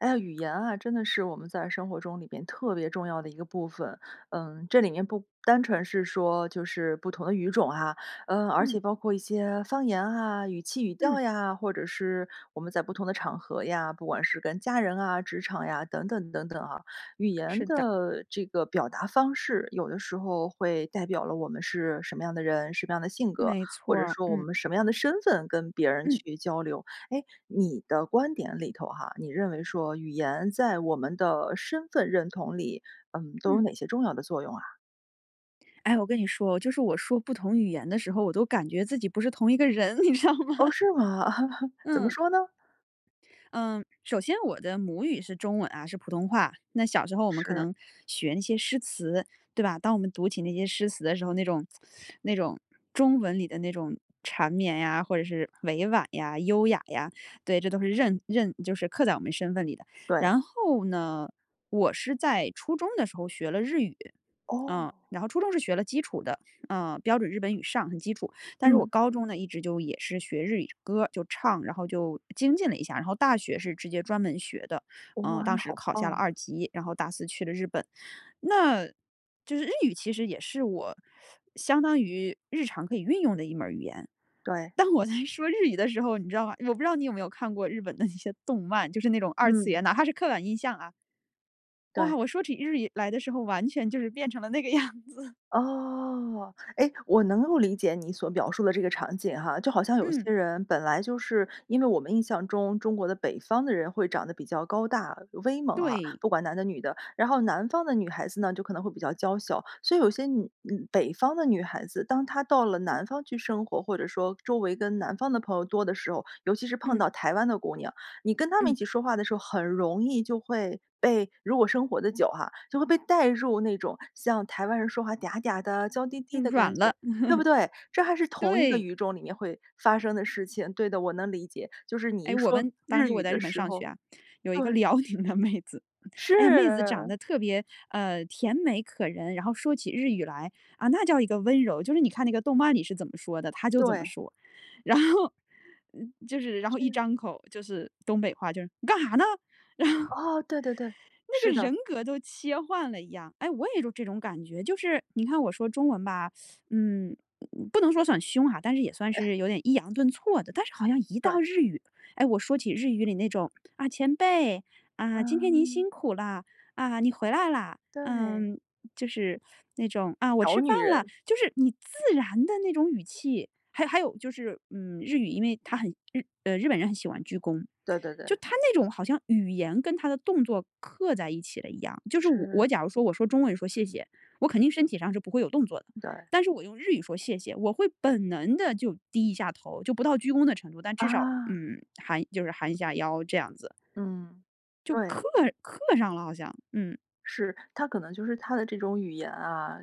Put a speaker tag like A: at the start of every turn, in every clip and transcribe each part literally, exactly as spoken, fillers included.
A: 哎呀，语言啊，真的是我们在生活中里边特别重要的一个部分。嗯，这里面不单纯是说就是不同的语种啊，嗯，而
B: 嗯。
A: 且包括一些方言啊，语气语
B: 嗯。
A: 调呀，或者是我们在不同的场合呀，不管是跟家人啊，职场呀等等等等啊。语言
B: 是的。
A: 的这个表达方式，有的时候会代表了我们是什么样的人，什么样的性格，
B: 没
A: 或
B: 错
A: 者
B: 儿，
A: 说我
B: 嗯。
A: 们什么样的身份跟别人
B: 嗯。
A: 去交流。诶，你的观点里头哈，你认为说语言在我们的身份认同里，嗯，都有
B: 嗯。
A: 哪些重要的作用啊？
B: 哎，我跟你说，就是我说不同语言的时候，我都感觉自己不是同一个人，你知道吗？
A: 哦，是吗？怎么
B: 嗯。
A: 说呢？
B: 嗯，首先我的母语是中文啊，是普通话。那小时候我们可
A: 是。
B: 能学那些诗词，对吧。当我们读起那些诗词的时候，那种那种中文里的那种缠绵呀、或者是委婉呀、优雅呀，对，这都是认认就是刻在我们身份里的。
A: 对。
B: 然后呢，我是在初中的时候学了日语。嗯，
A: 哦。
B: 然后初中是学了基础的，嗯，标准日本语上，很基础。但是我
A: 嗯。
B: 高中呢，一直就也是学日语歌儿，就唱，然后就精进了一下。然后大学是直接专门学的，
A: 哦，
B: 呃，
A: 哇！
B: 当
A: 那
B: 时
A: 好
B: 考下
A: 棒
B: 了
A: 啊。
B: 二级，然后大四去了日本。那就是日语，其实也是我相当于日常可以运用的一门语言。
A: 对。
B: 当我在说日语的时候，你知道吗？我不知道你有没有看过日本的那些动漫，就是那种二次
A: 嗯。
B: 元，哪怕是刻板印象啊
A: 对。
B: 哇！我说起日语来的时候，完全就是变成了那个样子。
A: 哦。诶，我能够理解你所描述的这个场景哈，就好像有
B: 嗯。
A: 些人本来就是因为我们印象中，中国的北方的人会长得比较高大威猛啊，
B: 对。
A: 不管男的女的。然后南方的女孩子呢，就可能会比较娇小，所以有些女女北方的女孩子，当她到了南方去生活，或者说周围跟南方的朋友多的时候。尤其是碰
B: 嗯。
A: 到台湾的姑娘，你跟她们一
B: 嗯。
A: 起说话的时候，很容易就会被如果生活得久哈，就会被带入那种像台湾人说话嗲嗲的娇滴滴
B: 嗯
A: 的感
B: 软了。
A: 觉，对不对？这还 是同一个
B: 对。
A: 语种里面会发生的事情，对的，我能理解，就是你
B: 诶，
A: 一
B: 我
A: 说
B: 们当
A: 日
B: 时我
A: 语
B: 在日
A: 的
B: 本
A: 时
B: 上学
A: 候
B: 啊。有一个
A: 对。
B: 辽宁的妹子，哎呀，妹子长
A: 是。
B: 得特别，呃，甜美可人，然后说起日语来，啊那叫一个温柔。就是你看那个动漫里是怎么说的，她就怎么
A: 对。
B: 说。然后嗯，就是然后一
A: 是。
B: 张口就是东北话，就是“你干哈呢？”
A: 哦，对对对，
B: 那
A: 是
B: 个人
A: 的。
B: 格都切换了一样。诶，我也有这种感觉。就是你看我说中文吧，嗯，不能说算凶哈，但是也算
A: 哎。
B: 是有点抑扬顿挫的。但是好像一
A: 对。
B: 到日语，诶，我说起日语里那种：“啊！前辈，啊，今天您
A: 嗯。
B: 辛苦了；啊，你回来啦！”呃，
A: 对。
B: 就是那种“啊！我
A: 小
B: 吃饭
A: 女
B: 了”，
A: 人。
B: 就是你自然的那种语气。还有还有就是，嗯，日语因为它很日呃，日本人很喜欢鞠躬，
A: 对对对。
B: 就他那种好像语言跟他的动作刻在一起了一样。就是我
A: 是。
B: 我假如说我说中文说谢谢，我肯定身体上是不会有动作的，
A: 对。
B: 但是我用日语说谢谢，我会本能地就低一下头，就不到鞠躬的程度，但至少，
A: 啊。
B: 嗯，含就是含一下腰这样子。
A: 嗯。
B: 就
A: 对。
B: 刻刻上了好像。嗯。
A: 是，它可能就是它的这种语言啊，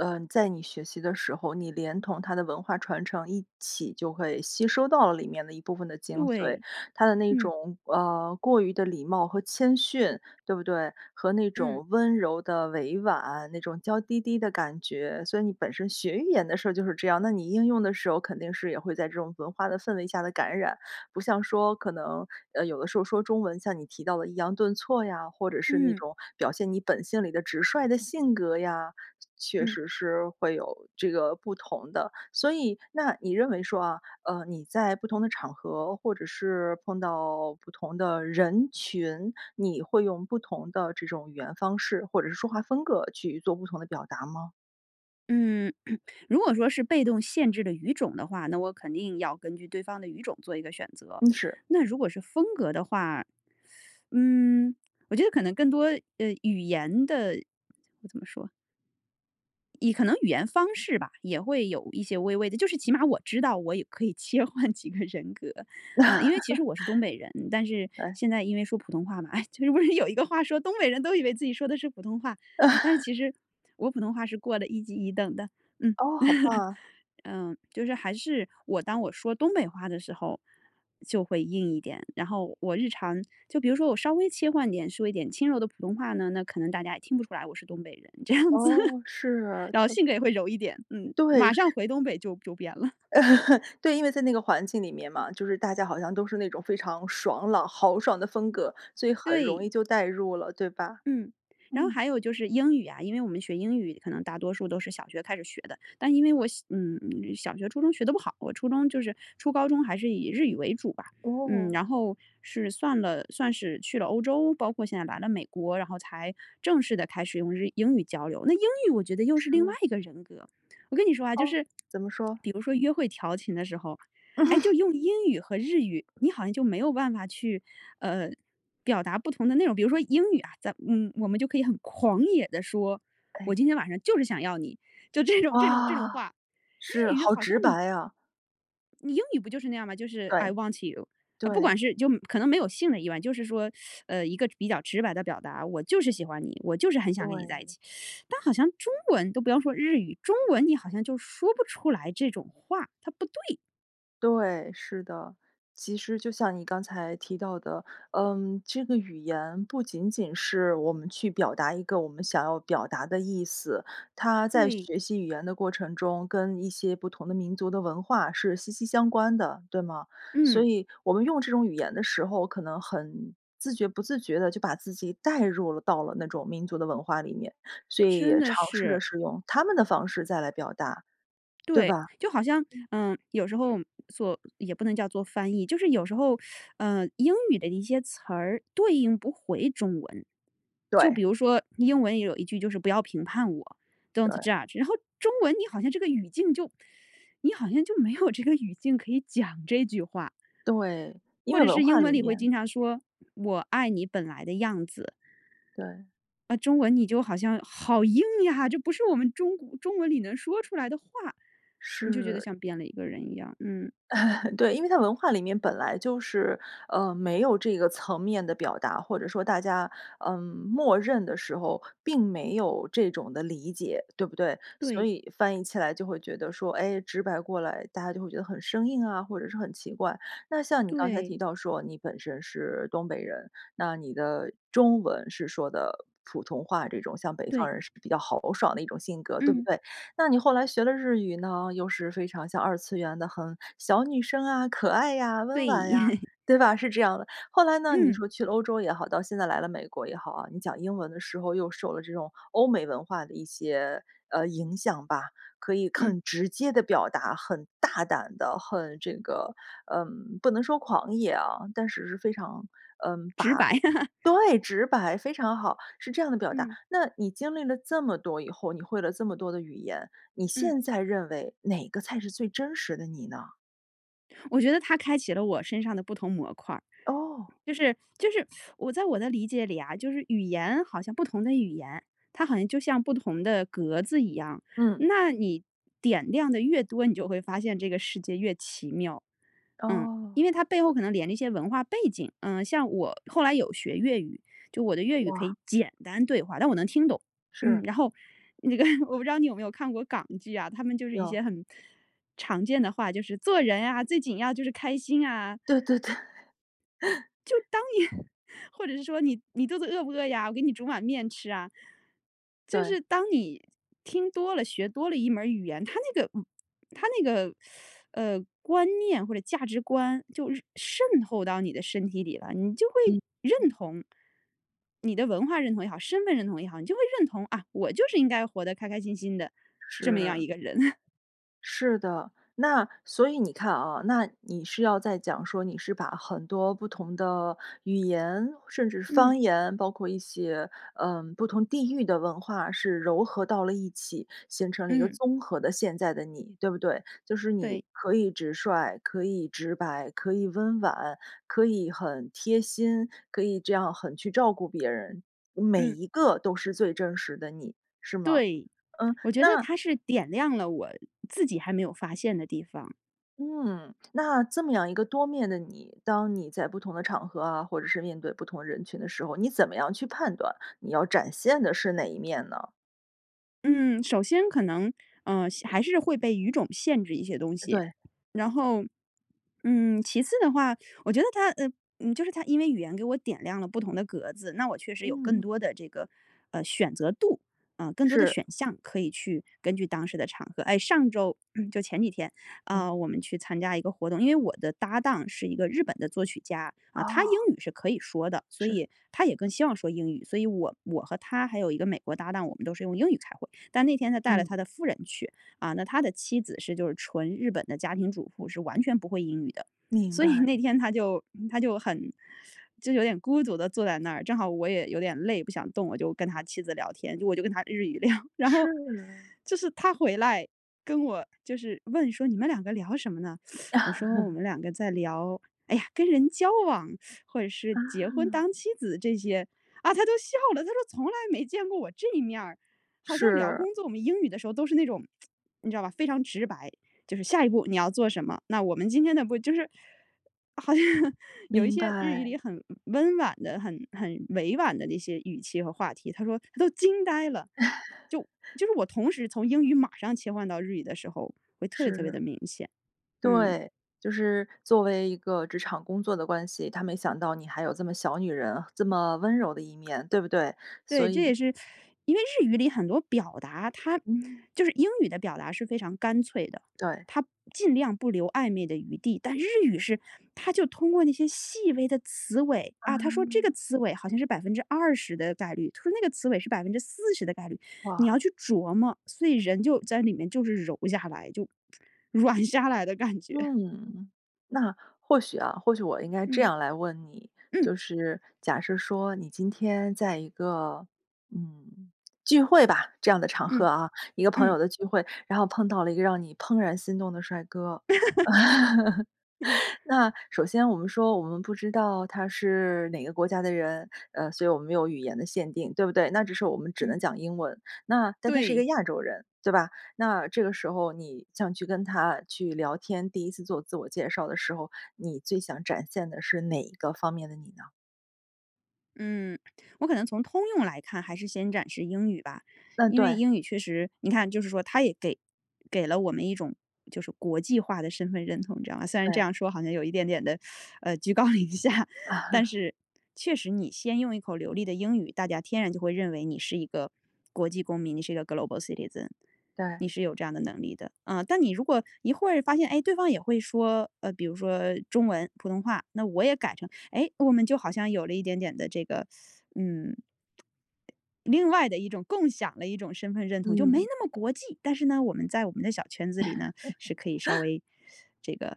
A: 呃，在你学习的时候，你连同它的文化传承一起就会吸收到里面的一部分的精髓。
B: 对，
A: 它的那
B: 嗯。
A: 种，呃，过于的礼貌和谦逊，对不对？和那
B: 嗯。
A: 种温柔的委婉，那种娇滴滴的感觉，所以你本身学语言的时候就是这样，那你应用的时候肯定是也会在这种文化的氛围下的感染。不像说可能，呃，有的时候说中文像你提到的抑扬顿挫呀，或者是那
B: 嗯。
A: 种表现你本性里的直率的性格呀，确
B: 嗯。
A: 实是会有这个不同的。所以，那你认为说啊，呃，你在不同的场合或者是碰到不同的人群，你会用不同的这种语言方式或者是说话风格去做不同的表达吗？
B: 嗯，如果说是被动限制的语种的话，那我肯定要根据对方的语种做一个选择。
A: 嗯是。
B: 那如果是风格的话，嗯，我觉得可能更多，呃，语言的怎么说以可能语言方式吧，也会有一些微微的就是起码我知道我也可以切换几个人格，呃，因为其实我是东北人，但 是，
A: 哎。
B: 现在因为说普通话嘛。哎，其实不是有一个话说东北人都以为自己说的是普通话，啊，但是其实我普通话是过了一级一等的，嗯。
A: 哦，好棒啊。
B: 嗯，就是还是我当我说东北话的时候就会硬一点，然后我日常就比如说我稍微切换点说一点轻柔的普通话呢，那可能大家也听不出来我是东北人这样子。
A: 哦，是，
B: 然后
A: 它
B: 性格也会柔一点，嗯，
A: 对，
B: 马上
A: 是
B: 回东北就就变了。
A: 对，因为在那个环境里面嘛，就是大家好像都是那种非常爽朗豪爽的风格，所以很容
B: 对。
A: 易就代入了，对吧？
B: 嗯，然后
A: 嗯。
B: 还有就是英语啊，因为我们学英语可能大多数都是小学开始学的。但因为我小嗯，小学初中学得不好，我初中就是初高中还是以日语为主吧。嗯，
A: 哦。
B: 然后是算了算是去了欧洲包括现在来了美国，然后才正式地开始用日英语交流。那英语我觉得又是另外
A: 是。
B: 一个人格。我跟你说啊，就
A: 哦，
B: 是
A: 怎么说？
B: 比如说约会调情的时候，哎，就 用英语和日语，你好像就没有办法去，呃，表达不同的那种比如说英语啊，咱嗯，我们就可以很狂野地说，我
A: 哎。
B: 今天晚上就是想要你，就这种这种这种
A: 哇，
B: 话，
A: 是，
B: 日语
A: 好
B: 好像
A: 直
B: 你
A: 白呀。
B: 你英语不就是那样吗？就是 i
A: 对。
B: want you。啊不
A: 对。
B: 管是就可能没有性的亿万，就是说 呃，一个比较直白的表达，我就是喜欢你，我就是很想跟你在一
A: 对。
B: 起。但好像中文-都不要说日语-中文你好像就说不出来这种话，它不对。
A: 对，是的。其实就像你刚才提到的，嗯，这个语言不仅仅是我们去表达一个我们想要表达的意思。它在
B: 对。
A: 学习语言的过程中，跟一些不同的民族的文化是息息相关的，对吗？所以我们用这种语言的时候，可能很自觉不自觉地就把自己带入了到了那种民族的文化里面，所以
B: 真
A: 也
B: 的
A: 尝试
B: 是。
A: 着是用他们的方式再来表达，对
B: 对，
A: 吧？
B: 就好像
A: 嗯。
B: 嗯，有时候，做也不能叫做翻译。就是有时候，呃，英语的一些词儿对应不回中文。就比
A: 对。
B: 如说英文里有一句就是不要评判我，“don't
A: 对。
B: judge"，然后中文你好像这个语境就你好像就没有这个语境可以讲这句话。
A: 对，因
B: 或
A: 为
B: 者
A: 文
B: 是
A: 化
B: 英文
A: 里
B: 里会
A: 面
B: 经常说：“我爱你本来的样子。”
A: 对。
B: 啊，中文你就好像好硬呀，这不是我们中国中文里能说出来的话。你就觉得
A: 是。
B: 像变了一个人一样。嗯。
A: 对，因为它文化里面本来就是，呃，没有这个层面的表达，或者说大家，嗯，默认的时候并没有这种的理解，对不对？所
B: 对。
A: 以翻译起来就会觉得说，哎，直白过来，大家就会觉得很生硬啊，或者是很奇怪。那像你刚才
B: 对。
A: 提到说你本身是东北人，那你的中文是说的普通话这种，像北方
B: 对。
A: 人是比较豪爽的一种性格，对不
B: 嗯。
A: 对？那你后来学了日语呢，又是非常像二次元的，很小女生啊、可爱呀、温婉呀，
B: 对。
A: 对吧？是这样的。后来呢，你说去了欧洲也好，到现在来了美国也好啊，你讲英文的时候又受了这种，欧美文化的一些，呃，影响吧。可以
B: 嗯。
A: 很直接地表达，很大胆的，很这个嗯，不能说狂野啊，但是是非常，嗯，
B: 直
A: 把
B: 白。
A: 对，直白，非常好。是这样的表达。
B: 嗯。
A: 那你经历了这么多以后，你会了这么多的语言，你
B: 嗯。
A: 现在认为哪个才是最真实的你呢？
B: 我觉得它开启了我身上的不同模块儿。
A: 哦。
B: 就是就是 我在我的理解里啊，就是语言好像不同的语言，它好像就像不同的格子一样。
A: 嗯。
B: 那你点亮得越多，你就会发现这个世界越奇妙。嗯，
A: 哦。
B: 因为它背后可能连着一些文化背景。呃，像我后来有学粤语，就我的粤语可
A: 哇。
B: 以简单对话，但我能听懂。嗯，
A: 是。
B: 然后，那个我不知道你有没有看过港剧啊，他们就是一
A: 有。
B: 些很，常见的话：“就是做人啊，最紧要就是开心啊。”
A: 对对对。
B: 就 当年或者是说：“你你肚子饿不饿呀？我给你煮碗面吃啊。”就
A: 对。
B: 是当你听多了，学多了一门儿语言，它那个嗯，它那个 呃，观念或者价值观，就渗透到你的身体里了，你就
A: 嗯。
B: 会认同你的文化认同也好、身份认同也好，你就会认同啊，我就是应该活得开开心心的这么样
A: 是。
B: 一个人。
A: 是的。那，所以你看啊，那你是要在讲说，你是把很多不同的语言，甚至方言，包括一些，呃，不同地域的文化是糅合到了一起，形成了一个
B: 嗯。
A: 综合的现在的你，对不对？就是
B: 对。
A: 你可以直率，可以直白、可以温婉、可以很贴心、可以这样很去照顾别人，每
B: 嗯。
A: 一个都是最真实的你，是吗？
B: 对，
A: 嗯，
B: 我觉得
A: 那
B: 它是点亮了我自己还没有发现的地方。
A: 嗯，那这么样一个多面的你，当你在不同的场合啊，或者是面对不同人群的时候，你怎么样去判断你要展现的是哪一面呢？
B: 嗯，首先可能，呃，还是会被语种限制一些东西。
A: 对。
B: 然后，嗯，其次的话，我觉得它，呃，嗯，就是它因为语言给我点亮了不同的格子，那我确实有更
A: 嗯。
B: 多的这个，呃，选择度，呃，更多的
A: 是。
B: 选项可以去根据当时的场合。哎，上周嗯，就前几天，
A: 嗯。
B: 呃，我们去参加一个活动，因为我的搭档是一个日本的作曲家啊，他英
A: 哦。
B: 语是可以说的，所
A: 是。
B: 以他也更希望说英语。所以我我和他还有一个美国搭档，我们都是用英语开会，但那天他带了他
A: 嗯。
B: 的夫人去，啊那他的妻子是就是纯日本的家庭主妇，是完全不会英语的，
A: 明
B: 所以
A: 白。
B: 那天她就她就很就有点孤独地坐在那儿，正好我也有点累，不想动，我就跟他妻子聊天，我就跟她日语聊，然后
A: 是。
B: 就是他回来跟我就是问说：“你们两个聊什么呢？” 我说：“我 们两个在聊哎呀，跟人交往，或者是
A: 啊。
B: 结婚当妻子这些啊。”啊他都笑了，他说从来没见过我这一面儿。好像聊
A: 是。
B: 工作，我们英语的时候都是那种 你知道吧，非常直白，就是下一步你要做什么，那我们今天呢不就是好像有一
A: 明
B: 些日语
A: 白。
B: 里很温婉的，很很委婉的那些语气和话题，他说：“啊都惊呆了。”就 就是我同时从英语马上切换到日语的时候，会特别特别
A: 是。
B: 的明显。嗯。
A: 对，就是作为一个职场工作的关系，他没想到你还有这么小女人，这么温柔的一面，对不对？
B: 对，
A: 所
B: 这
A: 以
B: 也是因为日语里很多表达它
A: 嗯。
B: 就是英语的表达是非常干脆的，
A: 对。
B: 它尽量不留暧昧的余地，但日语是它就通过那些细微的词尾啊，它说这
A: 嗯。
B: 个词尾好像是百分之二十的概率，它说那个词尾是百分之四十的概率，你
A: 哇。
B: 要去琢磨，所以人就在里面就是柔下来，就 软下来的感觉。
A: 嗯，那或许啊，或许我应该这
B: 嗯。
A: 样来问你，
B: 嗯。
A: 就是假设说你今天在一个，嗯，聚会吧，这样的场合
B: 嗯。
A: 啊，一个朋
B: 嗯。
A: 友的聚会，然后碰到了一个让你怦然心动的帅哥。
B: 嗯。
A: 那首先我们说我们不知道他是哪个国家的人，呃，所以我们没有语言的限定，对不对？那只是我们只能
B: 嗯。
A: 讲英文，那但他是一
B: 对。
A: 个亚洲人，对吧？那这个时候你想去跟他去聊天，第一次做自我介绍的时候，你最想展现的是哪一个方面的你呢？
B: 嗯，我可能从通用来看，还是先展示英语吧。
A: 嗯，
B: 因为
A: 对。
B: 英语确实你看就是说，它也给给了我们一种就是国际化的身份认同，你知道吗？虽然这
A: 对。
B: 样说好像有一点点地，呃，居高临下，但 是确实，你先用一口流利的英语，大家天然就会认为你是一个国际公民，你是一个 Global Citizen，
A: 对。
B: 你是有这样的能力的。嗯，但你如果一会儿发现，诶，对方也会说，呃，比如说中文，普通话，那我也改成，哎我们就好像有了一点点的这个，嗯另外的一种共享的一种身份认同，就没
A: 嗯。
B: 那么国际。但是呢，我们在我们的小圈子里呢，是可以稍 微这个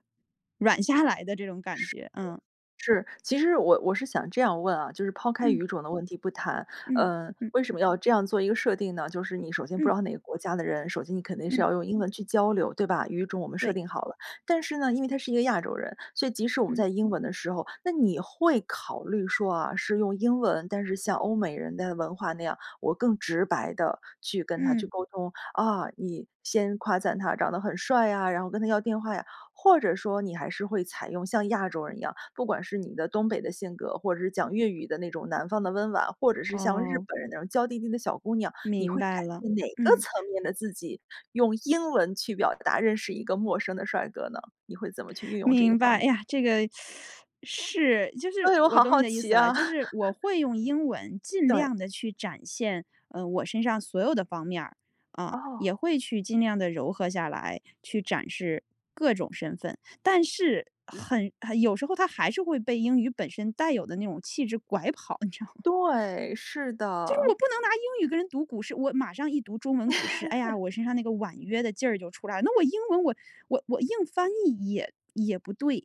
B: 软下来的这种感
A: 是
B: 觉。嗯。
A: 的。是，其实我我是想这样问啊就是抛开
B: 嗯。
A: 语种的问题不谈，
B: 嗯
A: 呃，
B: 嗯。
A: 为什么要这样做一个设定呢？就是你首先不
B: 嗯。
A: 知道哪个国家的人，首先你肯定是
B: 嗯。
A: 要用英文去交流，对吧？语种我们设
B: 对。
A: 定好了。但是呢，因为他是一个亚洲人。所以即使我们
B: 嗯。
A: 在英文的时候，那你会考虑说啊，是用英文但是像欧美人的文化那样，我更直白地去跟他去
B: 嗯。
A: 沟通？啊你先夸赞他长得很帅啊，然后跟他要电话呀？或者说你还是会采用像亚洲人一样不管是你的东北的性格，或者是讲粤语的那种南方的温婉，或者是像日
B: 哦。
A: 本人那样，娇滴滴的小姑娘。你
B: 明
A: 会展
B: 白了，
A: 现哪个
B: 嗯。
A: 层面的自己，用英文去表达，认识一个陌生的帅哥呢？你会怎么去运用这一
B: 明
A: 方
B: 白。
A: 面？
B: 哎呀，这个，是就是
A: 哎哟，我
B: 我
A: 好
B: 懂
A: 好
B: 你的意
A: 奇
B: 思了。
A: 啊。
B: 就是我会用英文 尽
A: 对。
B: 量地去展现，嗯，我身上所有的方面儿，嗯，
A: 哦。
B: 也会去尽量地揉合下来，去展示各种身份。但是很很有时候它还是会被英语本身带有的那种气质拐跑，你知道吗？
A: 对，是
B: 就是
A: 的。
B: 我不能拿英语跟人读古诗，我马上一读中文古诗，哎呀，我身上那个婉约的劲儿就出来了。那我英文我我我硬翻译也也不对。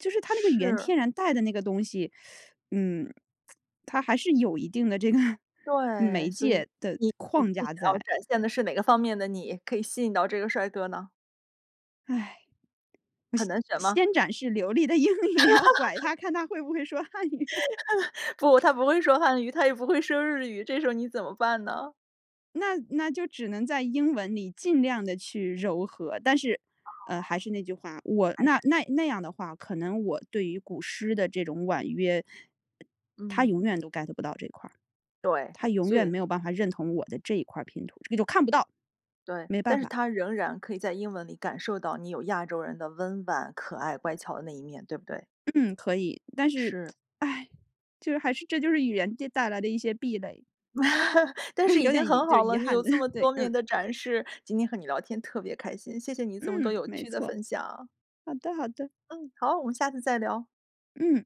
B: 就是它那个语言
A: 是。
B: 天然带的那个东西，嗯，它还是有一定的这个
A: 对，
B: 媒
A: 所以
B: 介的
A: 你你
B: 框
A: 最
B: 架
A: 想要
B: 在。
A: 展现的是哪个方面的你，可以吸引到这个帅哥呢？
B: 唉。
A: 很难
B: 我
A: 选吗？
B: 先展示流利的英语，然后拐 他，看他会不会说汉语。
A: 不，他不会说汉语，他也不会说日语，这时候你怎么办呢？
B: 那那就只能在英文里尽量地去揉合，但是，
A: 哦，
B: 呃，还是那句话，我
A: 还
B: 那
A: 是
B: 那那样的话，可能我对于古诗的这种婉约他永
A: 嗯。
B: 远都 Get 不到这块儿，
A: 对，
B: 他永
A: 所
B: 远
A: 以
B: 没有办法认同我的这一块儿拼图。这个就看不到，
A: 对。
B: 没办
A: 但是
B: 法。
A: 他仍然可以在英文里感受到，你有亚洲人的温婉、可爱、乖巧的那一面，对不对？
B: 嗯，可以。但是，
A: 是。
B: 唉就是还是这就是语言这带来的一些壁垒。
A: 但是 已
B: 有
A: 经
B: 点遗
A: 很
B: 就是
A: 好
B: 遗
A: 了，你
B: 憾
A: 有
B: 的，
A: 这 么
B: 对，
A: 多面
B: 嗯。
A: 的展示。今天和你聊天特别开心，谢谢你这么多
B: 嗯，
A: 有
B: 没
A: 趣的
B: 错。
A: 分享。
B: 好的好的。
A: 嗯，好。我们下次再聊。
B: 嗯。